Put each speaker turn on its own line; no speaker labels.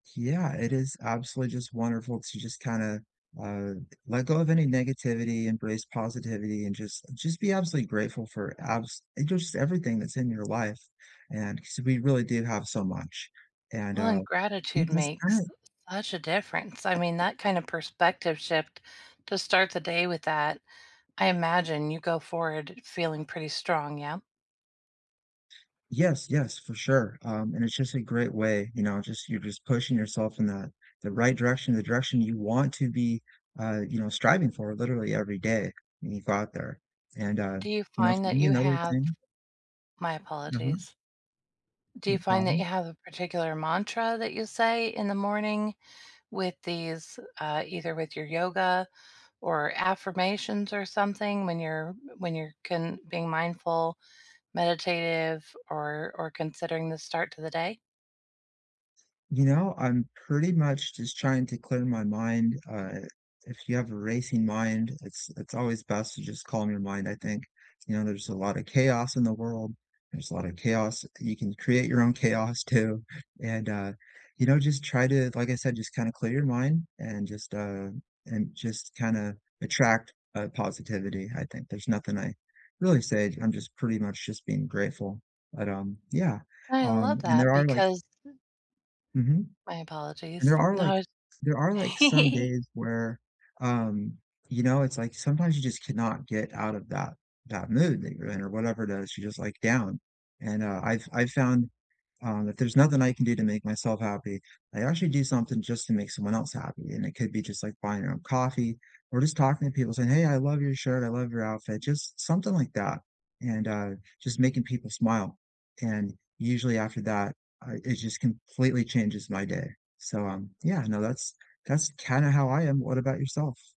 Yeah, it is absolutely just wonderful to just kinda, uh, let go of any negativity, embrace positivity, and just just be absolutely grateful for abs and just everything that's in your life, and 'cause we really do have so much, and,
Well,
uh,
and
be
gratitude
just
makes
kin
such a difference. I mean, that kind of perspective shift, to start the day with that, I imagine you go forward feeling pretty strong, yeah?
Yes, yes, for sure, uh, and it's just a great way, you know, just you're just pushing yourself in the the right direction, the direction you want to be, uh, you know, striving for literally every day when you go out there, and, uh,
Do you
you know,
find
for
that
me
you
another
have
thing
my
Mhm.
apologies. Do you
No
find that you
problem.
have a particular mantra that you say in the morning with these uh, either with your yoga or affirmations or something when you're when you're con being mindful, meditative, or or considering the start to the day?
You know, I'm pretty much just trying to clear my mind, uh, if you have a racing mind, it's it's always best to just calm your mind, I think, you know, there's a lot of chaos in the world, there's a lot of chaos. You can create your own chaos too, and, uh, you know, just try to, like I said, just kinda clear your mind and just, uh, and just kinda attract, uh, positivity, I think. There's nothing I really say, I'm just pretty much just being grateful, but, um, yeah,
I love
um, and there
that
are, like
because
Mhm,
My
and there
apologies.
are, like
No
there are, like, some
I
days where, um, you know, it's, like, sometimes you just cannot get out of that that mood that you're in, or whatever it is, you're just, like, down, and, uh, I've I've found, uh, that there's nothing I can do to make myself happy. I actually do something just to make someone else happy, and it could be just, like, buying 'em a coffee or just talking to people saying, "Hey, I love your shirt, I love your outfit." Just something like that and, uh, just making people smile, and usually after that, I it just completely changes my day. So, um, yeah, no, that's that's kinda how I am, what about yourself?